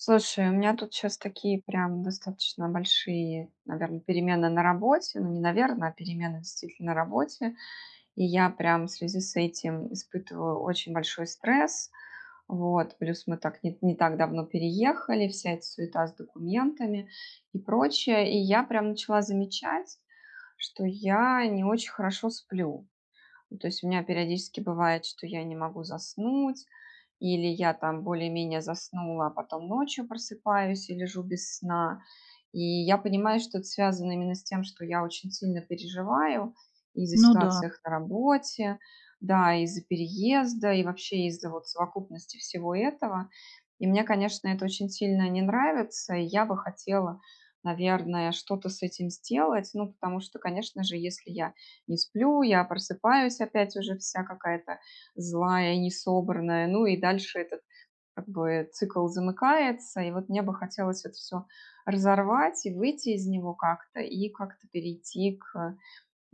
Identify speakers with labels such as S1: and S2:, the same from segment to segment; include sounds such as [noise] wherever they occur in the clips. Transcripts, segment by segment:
S1: Слушай, у меня тут щас такие прям достаточно большие наверное перемены на работе. Ну не наверное, а перемены действительно на работе. И я прям в связи с этим испытываю очень большой стресс. Вот. Плюс мы так, ни, не так давно переехали, вся эта суета с документами и прочее. И я прям начала замечать, что я не очень хорошо сплю. То есть у меня периодически бывает, что я не могу заснуть. Или я там более менее заснула, а потом ночью просыпаюсь и лежу без сна. И я понимаю, что это связано именно с тем, что я очень сильно переживаю из-за
S2: Ну да.
S1: ситуаций на работе. Да, из-за переезда и вообще из-за вот совокупности всего этого. И мне, конечно, это очень сильно не нравится. И я бы хотела, наверное, что-то с этим сделать. Ну потому что, конечно же, если я не сплю, я просыпаюсь опять уже вся какая-то злая и не собранная. Ну и дальше этот, как бы цикл замыкается. И вот мне бы хотелось это всё разорвать. И выйти из него как-то и как-то перейти к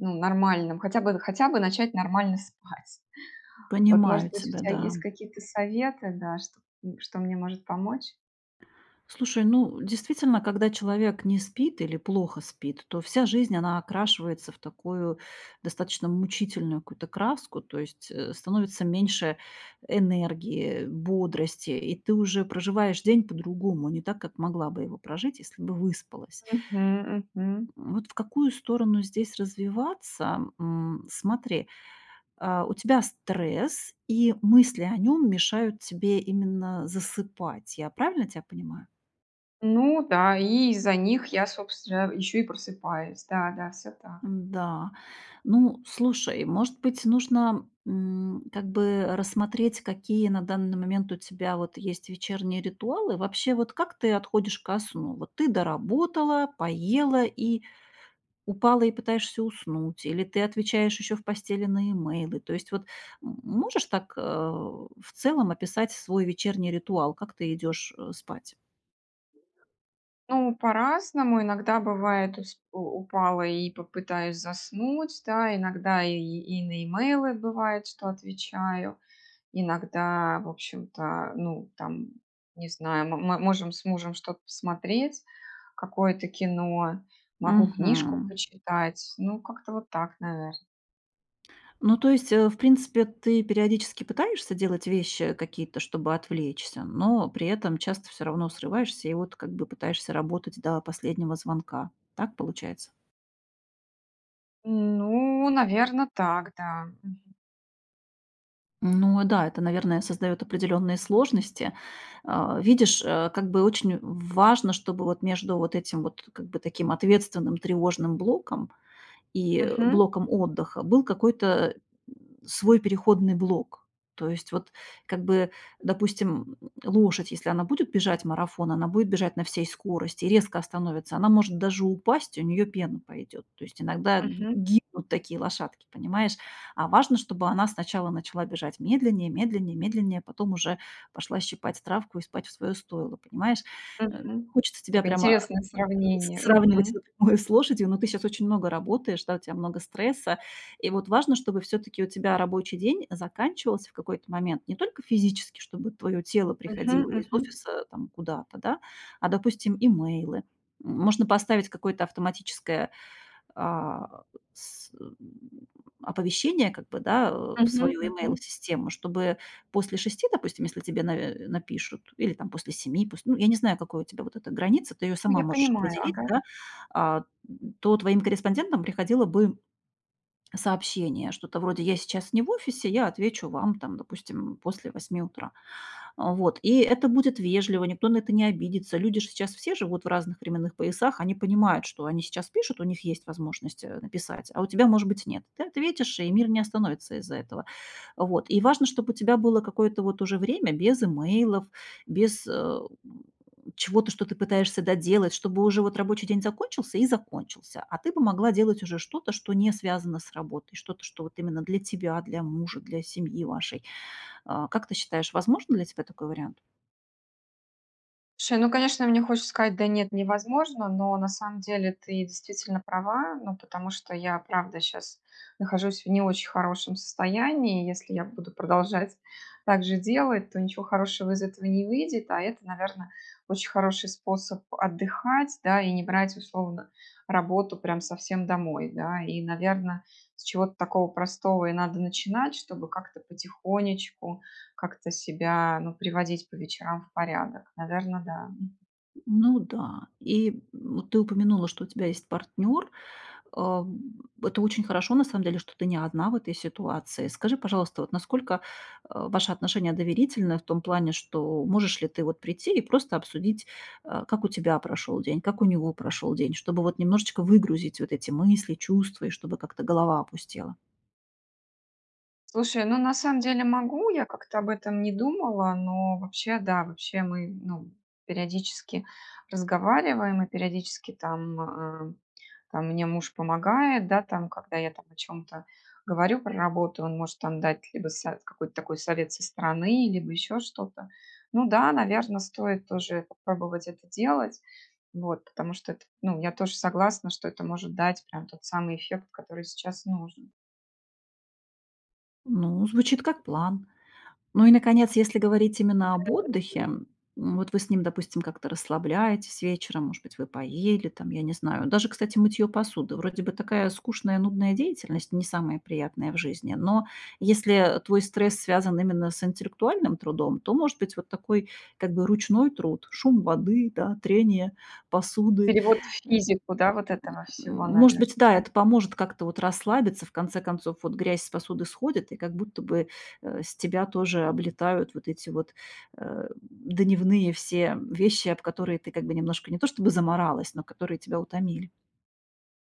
S1: ну нормальным, хотя бы, хотя бы начать нормально спать. Вот
S2: Понимаю
S1: может быть у
S2: тебя,
S1: тебя
S2: да.
S1: есть какие-то советы, да, что что мне может помочь?
S2: Слушай, ну, действительно. Когда человек не спит или плохо спит, то вся жизнь она окрашивается в такую достаточно мучительную какую-то краску. То есть, э, становится меньше энергии, бодрости, и ты уже проживаешь день по-другому. Не так, как могла бы его прожить, если бы выспалась.
S1: Мгм, мгм.
S2: М, вот в какую сторону здесь развиваться, м. Смотри, а, у тебя стресс, и мысли о нем мешают тебе именно засыпать, я правильно тебя понимаю?
S1: Ну да. И из-за них я собственно еще и просыпаюсь. Да, да, всё так.
S2: М-да. Ну, слушай. Может быть, нужно, м, как бы рассмотреть, какие на данный момент у тебя вот есть вечерние ритуалы? Вообще, вот как ты отходишь ко сну? Вот ты доработала, поела и упала и пытаешься уснуть или ты отвечаешь еще в постели на имейлы. То есть, вот, м, можешь так, э, в целом описать свой вечерний ритуал, как ты идешь, э, спать?
S1: Ну по-разному, иногда бывает, то есть у упала и попытаюсь заснуть, да, иногда и, и на имейлы бывает, что отвечаю. Иногда в общем-то, ну там не знаю, м мы можем с мужем что-то посмотреть, какое-то кино. Могу книжку
S2: Мгм.
S1: почитать, ну как-то вот так наверно.
S2: Ну, то есть, э, в принципе ты периодически пытаешься делать вещи какие-то, чтобы отвлечься, но при этом часто всё равно срываешься и вот как бы пытаешься работать до последнего звонка, так получается?
S1: Ну наверно так, да, мгм.
S2: Ну да, это, наверное, создает определенные сложности. А, видишь, э, как бы очень в важно, чтобы вот между вот этим вот как бы таким ответственным, тревожным блоком и
S1: Мгм.
S2: блоком отдыха был какой-то, э, свой переходный блок. То есть вот как бы, допустим, лошадь, если она будет бежать марафон, она будет бежать на всей скорости, резко остановится, она может даже упасть, и у неё пена пойдёт. То есть иногда ги
S1: Мгм.
S2: гибнут такие лошадки, понимаешь? А важно, чтобы она сначала начала бежать медленнее, медленнее, медленнее, потом уже пошла щипать травку и спать в своё стойло, понимаешь? Э,
S1: Мгм.
S2: хочется тебя
S1: Такое
S2: прямо
S1: интересное сравнение,
S2: сравнивать
S1: мгм.
S2: напрямую с лошадью, но ты сейчас очень много работаешь, да, у тебя много стресса. И вот важно, чтобы всё-таки у тебя рабочий день заканчивался в какой-то момент не только физически, чтобы твое тело
S1: Мгм,
S2: приходило из
S1: мгм.
S2: офиса там куда-то, да? А, допустим, имейлы. М, можно поставить какое-то автоматическое, а, с э, оповещение как бы, да, в
S1: Мгм,
S2: свою
S1: мгм.
S2: имейл-систему. Чтобы после 6 допустим, если тебе на напишут, или там после 7 пусть, ну я не знаю, какой у тебя вот эта граница, ты ее
S1: Ну
S2: сама
S1: я
S2: можешь
S1: понимаю,
S2: определить,
S1: ага.
S2: да. А, то твоим корреспондентам приходило бы cообщение. Что-то вроде: "Я сейчас не в офисе, я отвечу вам там, допустим, после 8 утра". А, вот и это будет вежливо, никто на это не обидится. Люди же сейчас все живут в разных временных поясах, они понимают, что они сейчас пишут, у них есть возможность, э, написать, а у тебя, может быть, нет. Ты ответишь, и мир не остановится из-за этого. Вот и важно, чтоб у тебя было какое-то вот уже время без имейлов, без, э, чего-то, что ты пытаешься доделать, чтобы уже вот рабочий день закончился и закончился, а ты бы могла делать уже что-то, что не связано с работой, что-то, что вот именно для тебя, для мужа, для семьи вашей. А, как ты считаешь, возможен для тебя такой вариант?
S1: Слушай, ну конечно, мне хочется сказать: "Да нет, невозможно." Но на самом деле ты действительно права, ну, потому что я, правда, щас нахожусь в не очень хорошем состоянии. Если я буду продолжать так же делать, то ничего хорошего из этого не выйдет, а это, наверно, очень хороший способ отдыхать, да, и не брать условно работу прям совсем домой, да. И, наверно, с чего-то такого простого и надо начинать, чтобы как-то потихонечку, как-то себя, ну, приводить по вечерам в порядок. Наверно, да, м.
S2: Ну да, и, м, ты упомянула, что у тебя есть партнер, э, это очень хорошо, на самом деле, что ты не одна в этой ситуации. Скажи, пожалуйста, вот, насколько, а, ваши отношения доверительны в том плане, что можешь ли ты, вот, прийти и просто обсудить, э, как у тебя прошел день, как у него прошел день, чтобы, вот немножечко выгрузить вот эти мысли, чувства, и чтобы как-то голова опустела.
S1: Слушай, ну на самом деле могу, я как-то об этом не думала, но вообще да, вообще мы, ну, периодически разговариваем, и периодически там, э, там мне муж помогает, да, там, когда я там о чём-то говорю про работу, он может там дать либо со какой-то такой совет со стороны, либо еще что-то. Ну да, наверно, стоит тоже попробовать это делать, вот, потому что это, ну, я тоже согласна, что это может дать прям тот самый эффект, который сейчас нужен.
S2: Ну звучит как план. Ну и наконец, если говорить именно об отдыхе.
S1: [unintelligible]
S2: Вот вы с ним, допустим, как-то расслабляетесь вечером, может быть вы поели там, я не знаю. Даже, кстати, мытьё посуды, вроде бы такая скучная, нудная деятельность, не самая приятная в жизни. Но, если, э, твой стресс связан именно с интеллектуальным трудом, то, может быть, вот такой, как бы, ручной труд: шум воды, да, трение посуды.
S1: Перевод в физику, да, вот этого
S2: М,
S1: всего
S2: может
S1: наверно,
S2: быть да,
S1: да?
S2: это поможет как-то вот расслабиться, в конце концов вот грязь с посуды сходит, и как будто бы, э, с тебя тоже облетают вот эти вот, э, дневные все вещи, об которые ты как бы немножко не то чтобы замаралась, но которые тебя утомили.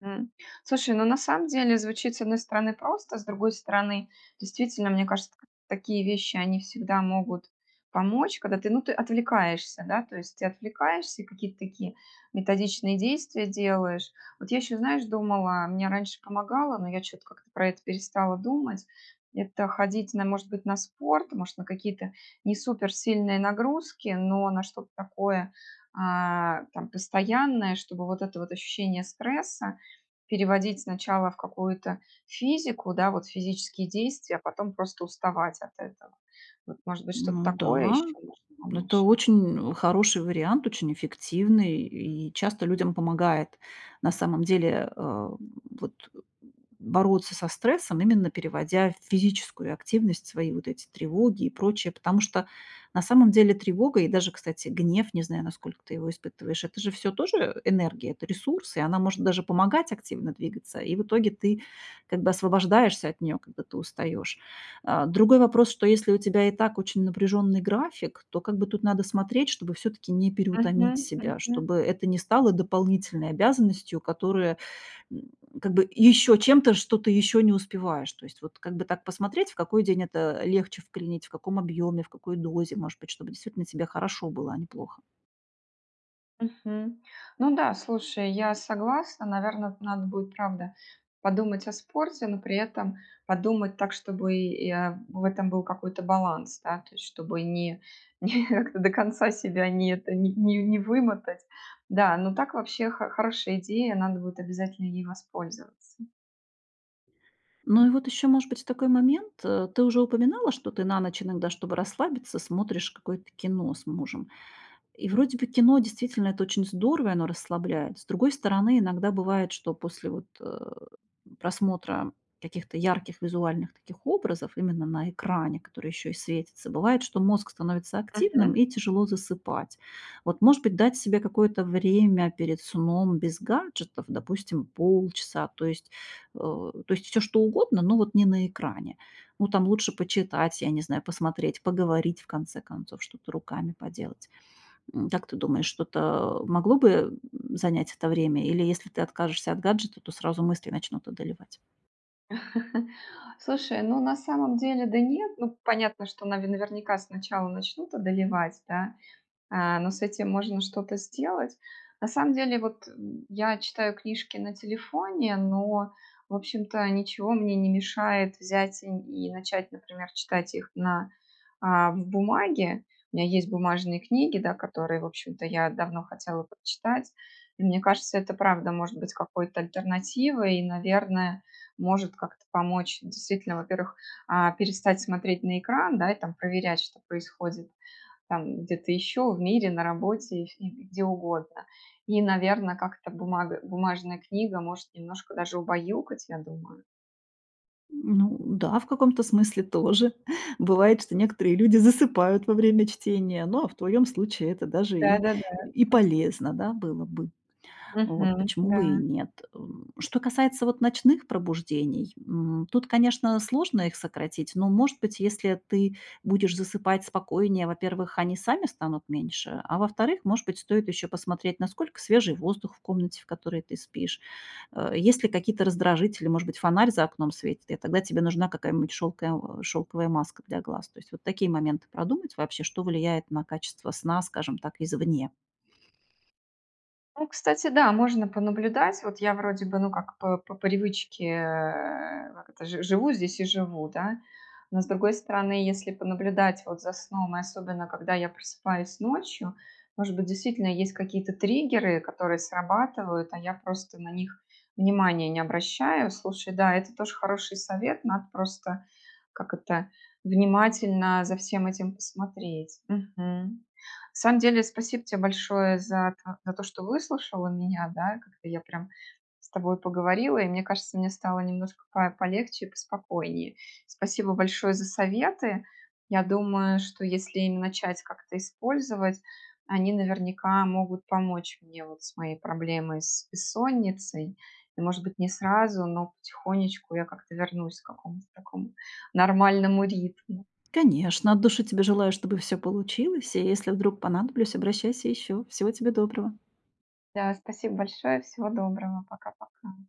S1: М, слушай, ну на самом деле звучит с одной стороны просто, с другой стороны действительно, мне кажется такие вещи они всегда могут помочь, когда ты, ну ты отвлекаешься, да? То есть ты отвлекаешься, какие-то такие методичные действия делаешь. Вот я ещё, знаешь, думала, мне раньше помогало, но я чё-то как-то про это перестала думать. Это ходить на может быть на спорт, может на какие-то не супер сильные нагрузки, но на что-то такое, а, там постоянное, чтобы вот это вот ощущение стресса переводить сначала в какую-то физику, да, вот физические действия, а потом просто уставать от этого. Вот может быть что-то
S2: Ну
S1: такое
S2: да.
S1: ещё может
S2: Это
S1: помочь?
S2: очень хороший вариант, очень эффективный, и часто людям помогает, на самом деле, а, вот бороться со стрессом, именно переводя в физическую активность свои вот эти тревоги и прочее. Потому что на самом деле тревога и даже, кстати, гнев, не знаю, насколько ты его испытываешь, это же всё тоже, э, энергия, это ресурс, и она может даже помогать активно двигаться. И в итоге ты как бы освобождаешься от нее, когда ты устаешь. А, другой вопрос, что если у тебя и так очень напряженный график, то как бы тут надо смотреть, чтобы всё-таки не переутомить
S1: Мгм,
S2: себя.
S1: мгм.
S2: Чтобы это не стало дополнительной обязанностью, которая, м, как бы ещё чем-то, что ты ещё не успеваешь. То есть вот как бы так посмотреть, в какой день это легче вклинить, в каком объёме, в какой дозе, может быть, чтобы действительно тебе хорошо было, а не плохо.
S1: Мгм. Ну да, слушай, я согласна. Наверно, надо будет правда подумать о спорте, но при этом подумать так, чтобы я в этом был какой-то баланс, да? То есть чтобы не не до конца себя не это, не не не вымотать. Да, но так вообще хо хорошая идея, надо будет обязательно ей воспользоваться.
S2: Ну и вот еще, может быть, такой момент. Э, ты уже упоминала, что ты на ночь иногда, чтобы расслабиться, смотришь какое-то кино с мужем. И, вроде бы, кино, действительно, это очень здорово, и оно расслабляет. С другой стороны, иногда бывает, что после, вот, э, просмотра каких-то ярких визуальных таких образов, именно на экране, которые еще и светятся, бывает, что мозг становится активным,
S1: Мгм.
S2: и тяжело засыпать. Вот, может быть, дать себе какое-то время перед сном без гаджетов, допустим, полчаса. То есть, э, то есть всё что угодно, но вот не на экране. Ну, там лучше почитать, я не знаю, посмотреть Поговорить, в конце концов, что-то руками поделать. М, как ты думаешь, что-то могло бы, м, занять это время, или, если ты откажешься от гаджета, то сразу мысли начнут одолевать?
S1: [laughs] Слушай, ну, на самом деле, да нет, ну, понятно, что нави наверняка, сначала начнут одолевать, да, а, но с этим можно что-то сделать. На самом деле, вот я читаю книжки на телефоне, но в общем-то ничего мне не мешает взять и н и начать, например, читать их на, а, б бумаге. У меня есть бумажные книги, да, которые в общем-то я давно хотела прочитать, и мне кажется, это правда может быть какой-то альтернативой. И, наверное, может как-то помочь действительно, во-первых, а, перестать смотреть на экран, да, и там проверять, что происходит там где-то еще в мире, на работе и фи и где угодно. И, наверно, как-то бумага бумажная книга может немножко даже убаюкать, я думаю.
S2: Ну да, в каком-то смысле тоже. Бывает, что некоторые люди засыпают во время чтения, ну, а в твоем случае это даже и
S1: Да-да-да.
S2: и
S1: [chuckles]
S2: полезно, да, было бы. Вот.
S1: Мгм,
S2: Почему бы и
S1: да.
S2: нет? Э, что касается вот ночных пробуждений, м, тут, конечно, сложно их сократить, но, может быть, если ты будешь засыпать спокойнее, во-первых, они сами станут меньше. А во-вторых, может быть, стоит еще посмотреть, насколько свежий воздух в комнате, в которой ты спишь, э, есть ли какие-то раздражители. Может быть, фонарь за окном светит, и тогда тебе нужна какая-нибудь шелкоя шелковая маска для глаз. То есть вот такие моменты продумать вообще, что влияет на качество сна, скажем так, извне.
S1: Ну, кстати, да, можно понаблюдать. Вот я, вроде бы, ну, как по по привычке, э, как это, жи живу здесь и живу, да. Но, с другой стороны, если понаблюдать вот за сном, и особенно, когда я просыпаюсь ночью, может быть, действительно есть какие-то триггеры, которые срабатывают, а я просто на них внимания не обращаю. Слушай, да, это тоже хороший совет, надо просто, как это, внимательно за всем этим посмотреть. Мгм. На самом деле, спасибо те большое за та за то, что выслушала меня, да, как-то я прям с тобой поговорила, и мне кажется, мне стало немножко по полегче и поспокойнее. Спасибо большое за советы. Я думаю, что если им начать как-то использовать, они наверняка могут помочь мне вот с моей проблемой- с бессонницей. И, может быть, не сразу, но потихонечку я как-то вернусь к какому-то такому нормальному ритму.
S2: Конечно, от души тебе желаю, чтобы всё получилось. И, если вдруг понадоблюсь, обращайся еще. Всего тебе доброго.
S1: Да, спасибо большое, всего доброго. Пока-пока.